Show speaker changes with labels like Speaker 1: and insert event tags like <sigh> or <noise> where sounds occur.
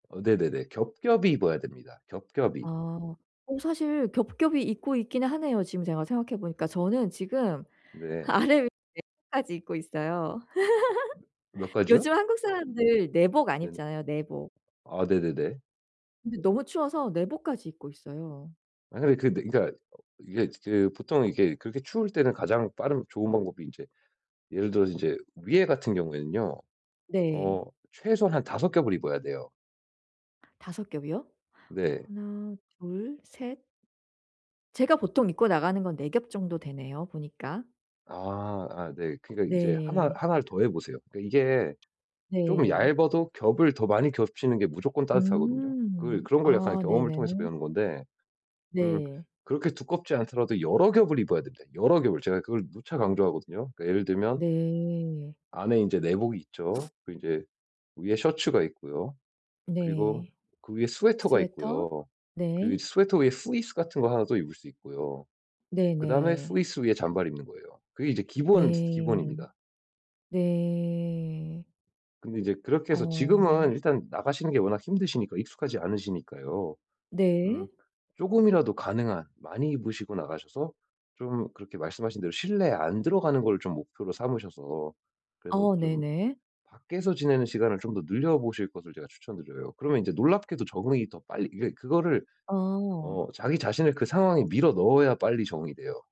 Speaker 1: 어 네네네. 겹겹이 입어야 됩니다, 겹겹이.
Speaker 2: 아. 어 사실 겹겹이 입고 있기는 하네요 지금 제가 생각해 보니까. 저는 지금
Speaker 1: 네.
Speaker 2: 아래위에까지 입고 있어요.
Speaker 1: 아 며 몇
Speaker 2: <laughs>
Speaker 1: 가지요?
Speaker 2: 요즘 한국 사람들 내복 안
Speaker 1: 네네.
Speaker 2: 입잖아요, 내복.
Speaker 1: 아 네네네.
Speaker 2: 근데 너무 추워서 내복까지 입고 있어요.
Speaker 1: 아니 근데 그러니까 이게 이제 보통은 이게 그렇게 추울 때는 가장 빠른 좋은 방법이 인제 예를 들어서 인제 위에 같은 경우에는요
Speaker 2: 네.
Speaker 1: 어 최소한 5 겹을 입어야 돼요.
Speaker 2: 5 겹이요?
Speaker 1: 네.
Speaker 2: 1, 2, 3 제가 보통 입고 나가는 건 4 겹 정도 되네요, 보니까.
Speaker 1: 아 아 네 그러니까 인제 하나
Speaker 2: 네.
Speaker 1: 하나를 더해 보세요. 그 이게 좀
Speaker 2: 네.
Speaker 1: 얇아도 겹을 더 많이 겹치는 게 무조건 따뜻하거든요. 그
Speaker 2: 음.
Speaker 1: 그런 걸 약간
Speaker 2: 아
Speaker 1: 경험을 통해서
Speaker 2: 네네네.
Speaker 1: 배우는 건데. 음
Speaker 2: 네.
Speaker 1: 그렇게 두껍지 않더라도 여러 겹을 입어야 됩니다, 여러 겹을. 제가 그걸 누차 강조하거든요. 그러니까 예를 들면
Speaker 2: 네.
Speaker 1: 안에 이제 내복이 있죠. 그리고 이제 위에 셔츠가 있고요. 그리고
Speaker 2: 네.
Speaker 1: 그 위에 스웨터가
Speaker 2: 스웨터.
Speaker 1: 있고요. 그리고
Speaker 2: 네.
Speaker 1: 스웨터 위에 후리스 같은 거 하나 또 입을 수 있고요. 그다음에
Speaker 2: 네네.
Speaker 1: 후리스 위에 잠바를 입는 거예요. 그게 이제 기본 중의
Speaker 2: 네.
Speaker 1: 기본입니다.
Speaker 2: 네.
Speaker 1: 근데 이제 그렇게 해서 지금은
Speaker 2: 어.
Speaker 1: 일단 나가시는 게 워낙 힘드시니까 익숙하지 않으시니까요.
Speaker 2: 네.
Speaker 1: 음 쪼금이라도 가능한 많이 입으시고 나가셔서 좀 그렇게 말씀하신 대로 실내에 안 들어가는 걸 좀 목표로 삼으셔서 그래서
Speaker 2: 어
Speaker 1: 좀
Speaker 2: 네네.
Speaker 1: 밖에서 지내는 시간을 좀 더 늘려보실 것을 제가 추천드려요. 그러면 이제 놀랍게도 적응이 더 빨리 이게 그거를
Speaker 2: 어.
Speaker 1: 어 자기 자신을 그 상황에 밀어 넣어야 빨리 적응이 돼요.